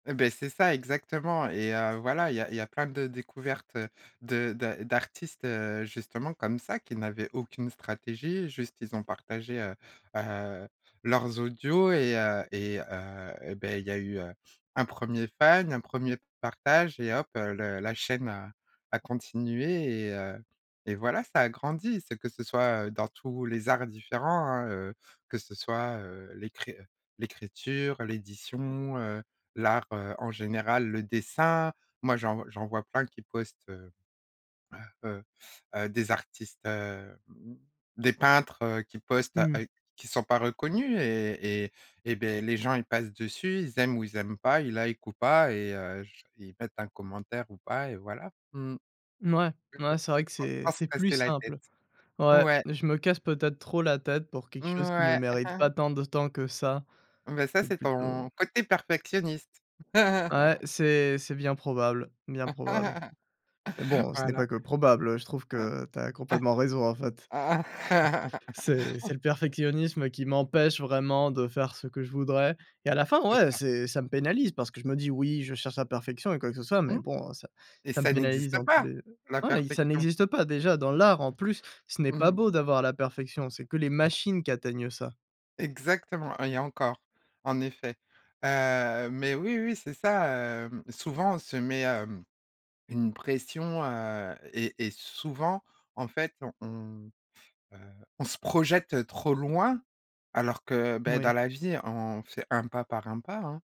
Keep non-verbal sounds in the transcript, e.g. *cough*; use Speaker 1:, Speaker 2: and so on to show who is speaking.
Speaker 1: Et beh, c'est ça, exactement et, heu, voilà, il y a il y a plein de découvertes de de d'artistes, heu, justement comme ça qui n'avaient aucune stratégie, juste, ils ont partagé, heu, heu, leurs audios et heu et heu et beh, il y a eu, heu, un 1er fan, un 1er partage et hop heu, le la chaîne a a continué et, heu, et voilà, ça a grandi. C'est que ce soit, heu, dans tous les arts différents, hein, heu, que ce soit, heu, l'écri heu, l'écriture, l'édition, heu, l'art, heu, en général, le dessin, moi, j'en v j'en vois plein qui postent heu, heu, heu, heu, des artistes, heu, mmh, des peintres, heu, qui postent à
Speaker 2: Mmh mh.
Speaker 1: heu, qui sont pas reconnus et et et beh les gens ils passent dessus, ils aiment ou ils aiment pas, ils likent ou pas et, heu, j ils mettent un commentaire ou pas et voilà. Mmh.
Speaker 2: Mouais,
Speaker 1: Oui,
Speaker 2: ouais,
Speaker 1: oui.
Speaker 2: c'est vrai que
Speaker 1: Faut
Speaker 2: c'est
Speaker 1: pas se
Speaker 2: c'est plus
Speaker 1: casser la tête.
Speaker 2: simple. Ouais,
Speaker 1: Ouais.
Speaker 2: je me casse peut-être trop la tête pour quelque chose qui ne
Speaker 1: Mouais.
Speaker 2: mérite
Speaker 1: *chuckles*
Speaker 2: pas tant de temps que ça.
Speaker 1: Bah ça,
Speaker 2: C'est
Speaker 1: c'est
Speaker 2: plutôt
Speaker 1: ton côté perfectionniste.
Speaker 2: Ouais,
Speaker 1: *chuckles*
Speaker 2: c'est c'est bien probable, bien probable.
Speaker 1: *chuckles*
Speaker 2: Mais bon, ce n'est pas
Speaker 1: Voilà.
Speaker 2: que probable, heu, je trouve
Speaker 1: Ah.
Speaker 2: que tu as complètement raison, en fait. *chuckles* C'est c'est le
Speaker 1: *laughs*
Speaker 2: perfectionnisme qui m'empêche vraiment de faire ce que je voudrais et à la fin,
Speaker 1: C'est
Speaker 2: ouais,
Speaker 1: ça.
Speaker 2: c'est ça me pénalise parce que je me dis: «Oui, je cherche la perfection et quoi que ce soit», mais
Speaker 1: Mmh.
Speaker 2: bon, heu, ça
Speaker 1: Et
Speaker 2: ça me
Speaker 1: ça
Speaker 2: pénalise
Speaker 1: n'existe
Speaker 2: dans tous
Speaker 1: pas,
Speaker 2: les heu,
Speaker 1: la
Speaker 2: ouais, ça
Speaker 1: perfection!
Speaker 2: n'existe pas déjà dans l'art, en plus, ce n'est
Speaker 1: Mmh
Speaker 2: pas
Speaker 1: mh.
Speaker 2: beau d'avoir la perfection, c'est que les machines qui atteignent ça.
Speaker 1: Exactement et encore, en effet. Heu, mais oui, oui, c'est ça, hem. Souvent, on se met, hem, une pression, heu, et et souvent, en fait, on, heu, on se projette trop loin alors que bah dans
Speaker 2: Moui.
Speaker 1: la vie, on fait 1 pas par 1 pas, hein.